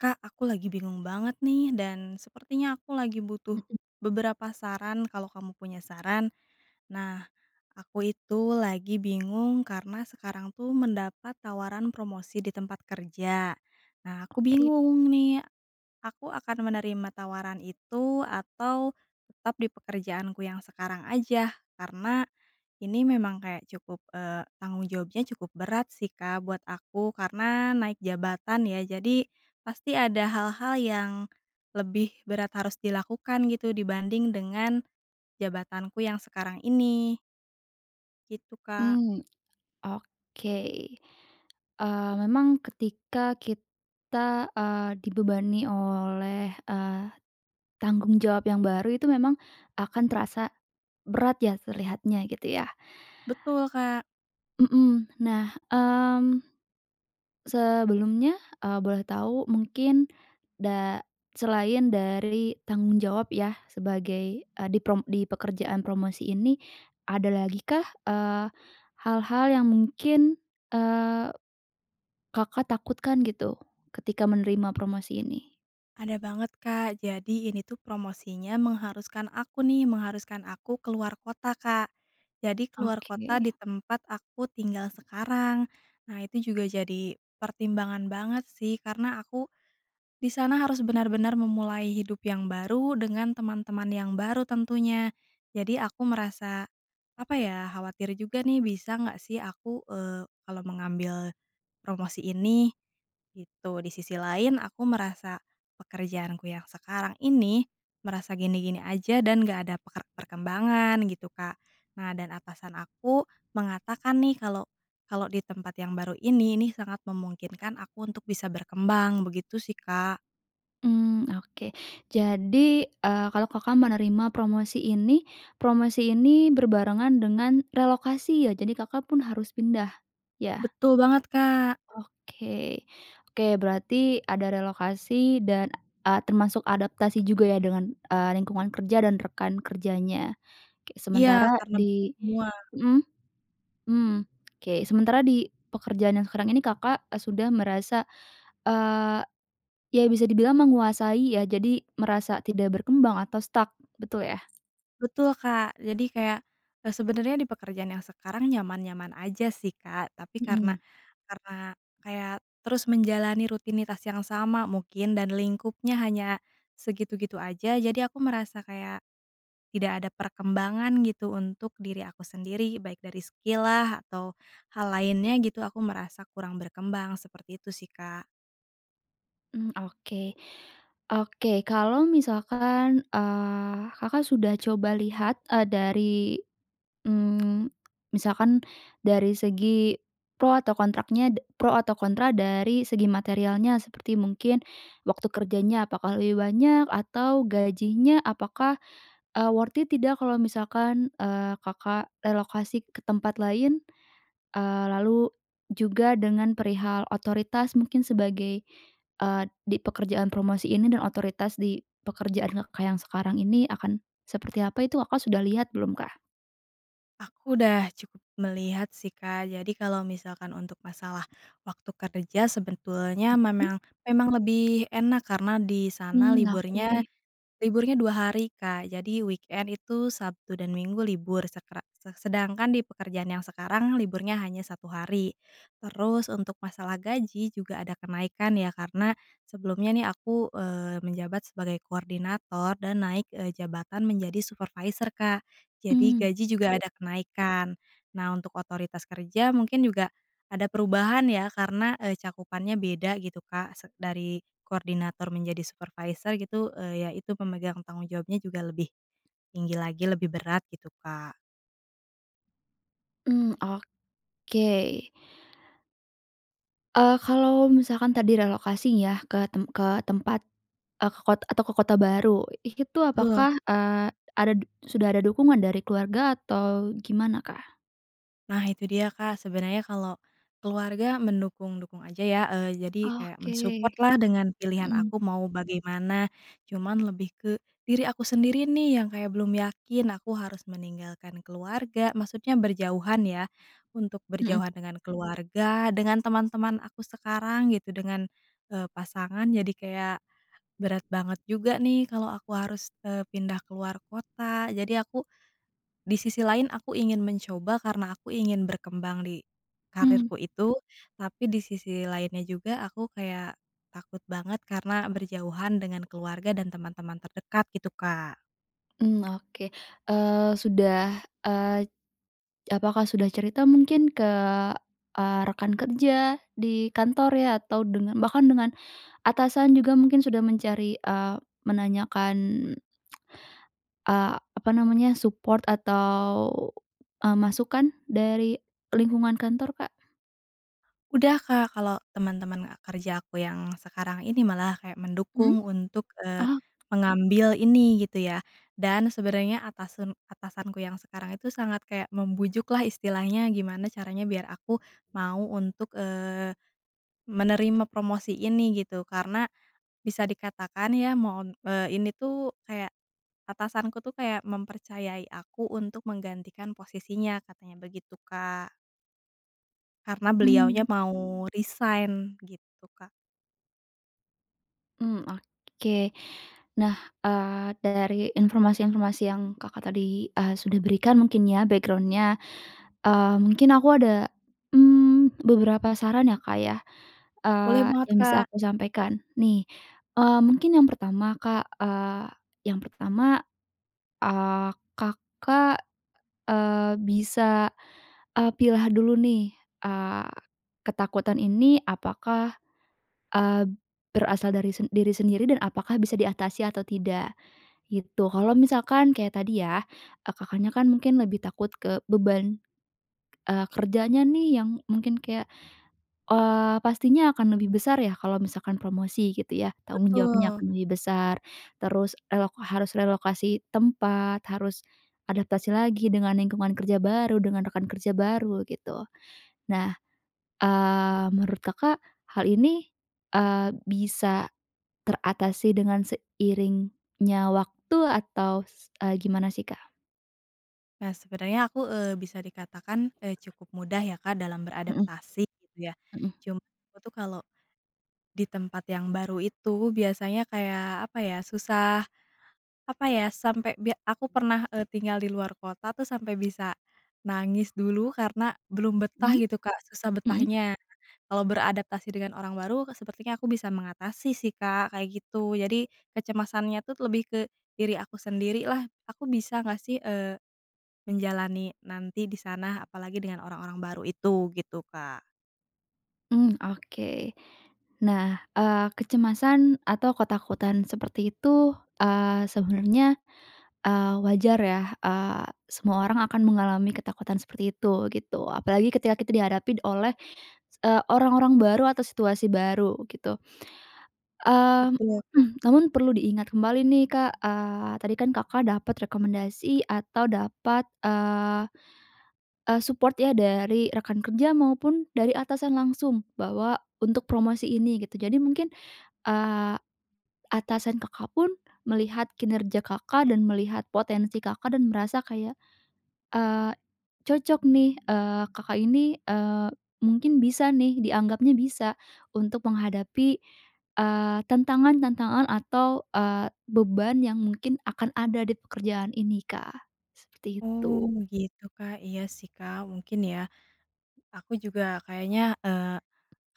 Kak, aku lagi bingung banget nih, dan sepertinya aku lagi butuh Mhm. beberapa saran, kalau kamu punya saran. Nah, aku itu lagi bingung karena sekarang tuh mendapat tawaran promosi di tempat kerja. Nah, aku Oke. bingung nih, aku akan menerima tawaran itu, atau, tetap di pekerjaanku yang sekarang aja? Karena ini memang kayak cukup eee, tanggung jawabnya cukup berat sih Kak buat aku, karena naik jabatan ya. Jadi, pasti ada hal-hal yang lebih berat harus dilakukan gitu dibanding dengan jabatanku yang sekarang ini. Gitu, Kak. Mmm, oke. Eee, memang ketika kita, eee, dibebani oleh, eee, tanggung jawab yang baru itu memang, akan terasa berat ya terlihatnya gitu ya? Betul, Kak. Mmm. Nah, mmm, sebelumnya, eee, boleh tahu mungkin da selain dari tanggung jawab yah, sebagai, eee, di prom di pekerjaan promosi ini, ada lagi kah, eee, hal-hal yang mungkin, eee, Kakak takutkan gitu? Ketika menerima promosi ini? Ada banget, Kak. Jadi, ini tuh promosinya mengharuskan aku nih, mengharuskan aku ke luar kota, Kak. Jadi, ke luar kota di Oke. tempat aku tinggal sekarang. Nah, itu juga jadi pertimbangan banget, sih. Karena aku di sana harus benar-benar memulai hidup yang baru, dengan teman-teman yang baru tentunya. Jadi aku merasa, apa ya, khawatir juga nih, bisa ngga sih aku, eee, kalau mengambil promosi ini, gitu. Di sisi lain, aku merasa pekerjaanku yang sekarang ini, merasa gini-gini aja, dan nggak ada perker perkembangan, gitu, Kak. Nah, dan atasan aku mengatakan nih, kalau kalau di tempat yang baru ini nih, sangat memungkinkan aku untuk bisa berkembang, begitu sih, Kak. Mmm, oke. Jadi, eee, kalau Kakak menerima promosi ini, promosi ini berbarengan dengan relokasi ya? Jadi Kakak pun harus pindah? Ya? Betul banget, Kak! Oke, oke berarti ada relokasi, dan, eee, termasuk adaptasi juga ya dengan, eee, lingkungan kerja dan rekan kerjanya. Kayak Iya, sementara karena di [unintelligible] mhm. Hmm, oke. Sementara di pekerjaan yang sekarang ini Kakak, eee, sudah merasa, eee, ya bisa dibilang menguasai ya? Jadi, merasa tidak berkembang atau stuck, betul ya? Betul Kak, jadi kayak, eee, sebenarnya, di pekerjaan yang sekarang nyaman-nyaman aja sih Kak. Tapi karena Mhm. karena kayak, terus menjalani rutinitas yang sama mungkin, dan lingkupnya hanya segitu-gitu aja, jadi aku merasa kayak tidak ada perkembangan gitu, untuk diri aku sendiri, baik dari skill lah, atau hal lainnya gitu, aku merasa kurang berkembang. Seperti itu sih Kak. Mmm, oke. Oke, kalau misalkan, eee, Kakak sudah coba lihat, eee, dari, mmm, misalkan dari segi pro atau kontraknya da pro atau kontra dari segi materialnya, seperti mungkin waktu kerjanya apakah lebih banyak, atau gajinya apakah, eee, worth it tidak kalau misalkan, eee, Kakak relokasi ke tempat lain? Eee, lalu juga dengan perihal otoritas mungkin, sebagai eee, di pekerjaan promosi ini, dan otoritas di pekerjaan Kakak yang sekarang ini akan seperti apa itu, Kakak sudah lihat belum kah? Aku udah cukup melihat sih, Kak. Jadi kalau misalkan untuk masalah, waktu kerja sebetulnya, Mhm? memang memang lebih enak, karena di sana Hmm, liburnya oke. liburnya 2 hari Kak. Jadi weekend itu, Sabtu dan Minggu libur, sekra se sedangkan di pekerjaan yang sekarang, liburnya hanya 1 hari. Terus, untuk masalah gaji, juga ada kenaikan ya, karena sebelumnya nih aku, eee, menjabat sebagai koordinator, dan naik, eee, jabatan menjadi supervisor, Kak. Jadi Hmm, gaji juga oke. ada kenaikan. Nah, untuk otoritas kerja mungkin juga ada perubahan ya, karena, eee, cakupannya beda gitu Kak. Se dari koordinator menjadi, supervisor gitu, eee, ya itu pemegang tanggung jawabnya juga lebih tinggi lagi, lebih berat, gitu Kak. Hmm, oke! Eee, kalau misalkan tadi relokasi ya, ke tem ke tempat eee, ke kot atau ke kota baru, ih itu Betul. apakah, eee, ada d sudah ada dukungan dari keluarga, atau gimana kah? Nah itu dia Kak. Sebenernya kalau keluarga mendukung-dukung aja ya. Eee, jadi kayak men-support Oke, lah dengan pilihan mhm. aku mau bagaimana. Cuman lebih ke diri aku sendiri nih, yang kayak belum yakin aku harus meninggalkan keluarga maksudnya berjauhan ya. Untuk Mhm. berjauhan dengan keluarga, dengan teman-teman aku sekarang, gitu, dengan, eee, pasangan, jadi kayak berat banget juga nih, kalau aku harus, eee, pindah ke luar kota. Jadi aku di sisi lain aku ingin mencoba, karena aku ingin berkembang di Mmm. karirku itu. Tapi di sisi lainnya juga, aku kayak takut banget, karena berjauhan dengan keluarga, dan teman-teman terdekat, gitu Kak. Hmm, oke, eee, sudah eee, apakah sudah cerita mungkin? Ke, eee, rekan kerja di kantor ya, atau dengan bahkan dengan, atasan juga mungkin sudah mencari eee, menanyakan, eee, apa namanya, support atau, eee, masukan, dari lingkungan kantor, Kak? Udah Kak. Kalau teman-teman kerja aku yang sekarang ini malah kayak Mhm? mendukung untuk, eee, Oh! mengambil ini, gitu ya. Dan, sebenarnya atasen atasanku yang sekarang itu, sangat kayak membujuk lah istilahnya, gimana caranya biar aku mau untuk, eee, menerima promosi ini, gitu. Karena, bisa dikatakan ya, mon eee, ini tuh kayak atasanku tuh, kayak mempercayai aku untuk menggantikan posisinya, katanya begitu Kak. Karena beliaunya Hmm. mau resign, gitu Kak. Hmm, oke. Nah, eee, dari informasi-informasi yang Kakak tadi, eee, sudah berikan mungkin ya, background-nya, eee, mungkin aku ada, mmm, beberapa saran ya Kak ya, Boleh eee, banget, yang bisa Kak! aku sampaikan, nih. Eee, mungkin yang pertama Kak, eee, yang pertama, eee, Kakak, eee, bisa, eee, pilah dulu nih, eee, ketakutan ini apakah, eee, berasal dari sen diri sendiri, dan apakah bisa diatasi atau tidak? Gitu. Kalau misalkan kayak tadi ya, ah, Kakaknya kan mungkin lebih takut ke beban, eee, kerjanya nih, yang mungkin kayak eee, pastinya akan lebih besar ya, kalau misalkan promosi gitu ya? Tanggung jawabnya Betul. akan lebih besar, terus relok harus relokasi tempat, harus adaptasi lagi dengan lingkungan kerja baru, dengan rekan kerja baru, gitu. Nah, eee, menurut Kakak, hal ini, eee, bisa teratasi dengan seiringnya waktu, atau s eee, gimana sih kah? Nah, sebenernya aku, eee, bisa dikatakan, eee, cukup mudah ya, Kak, dalam Mhm. beradaptasi gitu ya, Mhm. cuma aku tuh kalau, di tempat yang baru itu biasanya kayak apa ya susah apa ya sampai be aku pernah, eee, tinggal di luar kota tuh sampai bisa nangis dulu karena belum betah Mmm. gitu, Kak, susah Mhm. betahnya. Kalau beradaptasi dengan orang baru sepertinya aku bisa mengatasi sih, Kak, kayak gitu, jadi kecemasannya tuh lebih ke diri aku sendirilah, "Aku bisa nggak sih, eee, menjalani nanti di sana apalagi dengan orang-orang baru itu," gitu, Kak. Mmm, oke. Nah, eee, kecemasan atau ketakutan seperti itu, eee, sebenarnya, eee, wajar ya, eee, semua orang akan mengalami ketakutan seperti itu gitu, apalagi ketika kita dihadapin oleh, eee, orang-orang baru atau situasi baru gitu. Eee, Betul, Kak. namun perlu diingat kembali nih, Kak, eee, tadi kan Kakak dapat rekomendasi atau dapat, eee eee, support ya dari rekan kerja maupun dari atasan langsung bahwa untuk promosi ini gitu. Jadi mungkin, eee, atasan Kakak pun melihat kinerja Kakak dan melihat potensi Kakak dan merasa kayak, eee, cocok nih, eee, Kakak ini, eee, mungkin bisa nih, dianggapnya bisa untuk menghadapi, eee, tantangan-tantangan atau, eee, beban yang mungkin akan ada dipekerjaan ini, Kak, seperti Oh itu. begitu, Kak, iya sih, Kak, mungkin ya. Aku juga kayaknya, eee,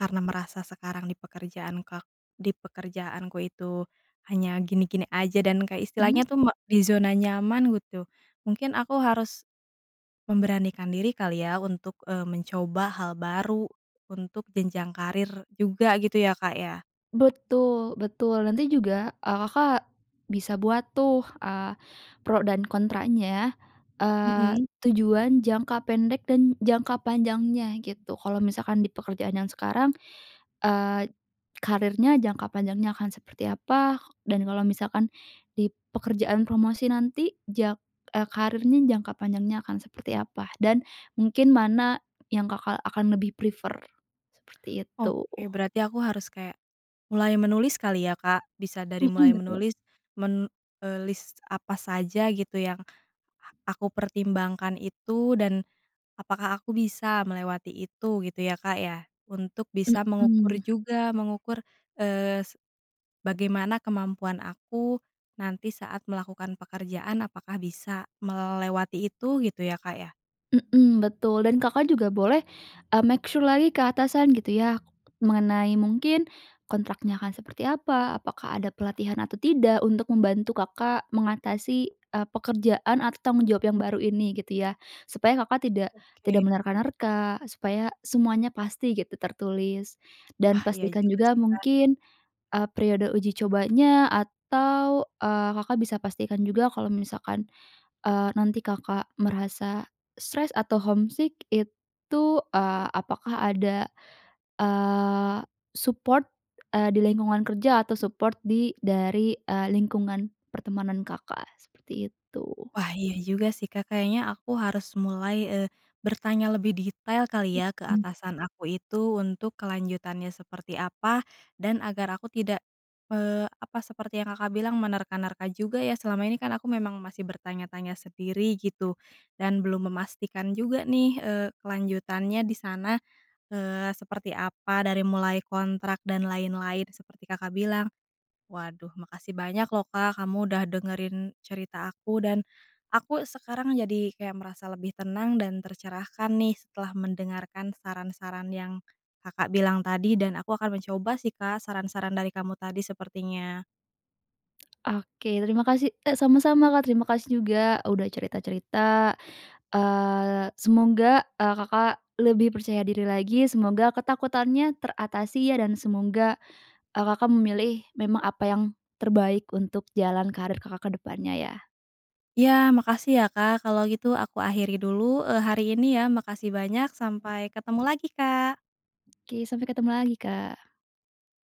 karena merasa sekarang dipekerjaan ka dipekerjaanku itu hanya gini-gini aja dan kayak Mhm. istilahnya tuh me di zona nyaman gitu, mungkin aku harus memberanikan diri kali ya untuk, eee, mencoba hal baru, untuk jenjang karir juga gitu ya, Kak, ya? Betul betul, nanti juga, eee, Kakak bisa buat tuh, eee, pro dan kontranya, eee, Mhm. tujuan jangka pendek dan jangka panjangnya gitu. Kalau misalkan di pekerjaan yang sekarang, eee, karirnya jangka panjangnya akan seperti apa? Dan kalau misalkan di pekerjaan promosi nanti jak e karirnya jangka panjangnya akan seperti apa? Dan mungkin mana yang Kakak akan lebih prefer, seperti itu. Oke berarti aku harus kayak, mulai menulis kali ya, Kak, bisa dari Mhm, mulai betul. menulis men eee, list apa saja gitu yang aku pertimbangkan itu, dan apakah aku bisa melewati itu gitu ya, Kak, ya? Untuk bisa mengukur Mhm. juga, mengukur, eee, se bagaimana kemampuan aku nanti saat melakukan pekerjaan apakah bisa melewati itu gitu ya, Kak, ya? Mmm, betul, dan Kakak juga boleh, eee, make sure lagi ke atasan gitu ya, mengenai mungkin kontraknya akan seperti apa, apakah ada pelatihan atau tidak, untuk membantu Kakak mengatasi, eee, pekerjaan atau tanggung jawab yang baru ini gitu ya, supaya Kakak tidak Oke. tidak menerka-nerka, supaya semuanya pasti gitu tertulis, Wah, dan iya pastikan juga juga sih, Kak. mungkin, eee, periode uji cobanya atau, eee, Kakak bisa pastikan juga kalau misalkan, eee, nanti Kakak merasa stres atau homesick itu, eee, apakah ada, eee, support, eee, di lingkungan kerja atau support di dari, eee, lingkungan pertemanan Kakak, seperti itu. Wah iya juga sih, Kak, kayaknya aku harus mulai, eee, bertanya lebih detail kali ya ke Mhm. atasan aku itu untuk kelanjutannya seperti apa, dan agar aku tidak, eee, apa seperti yang Kakak bilang menerka-nerka juga ya selama ini kan aku memang masih bertanya-tanya sendiri gitu, dan belum memastikan juga nih, eee, kelanjutannya di sana, eee, seperti apa, dari mulai kontrak dan lain-lain seperti Kakak bilang. Waduh makasih banyak loh, Kak, kamu udah dengerin cerita aku, dan aku sekarang jadi kayak merasa lebih tenang dan tercerahkan nih setelah mendengarkan saran-saran yang Kakak bilang tadi, dan aku akan mencoba sih, Kak, saran-saran dari kamu tadi sepertinya. Oke terima kasih, e sama-sama Kak, terima kasih juga udah cerita-cerita, eee, semoga, eee, Kakak lebih percaya diri lagi, semoga ketakutannya teratasi ya dan semoga, eee, Kakak memilih memang apa yang terbaik untuk jalan karir Kakak ke depannya ya. Iya makasih ya, Kak. Kalau gitu aku akhiri dulu, eee, hari ini ya. Makasih banyak, sampai ketemu lagi, Kak! Oke, sampai ketemu lagi, Kak.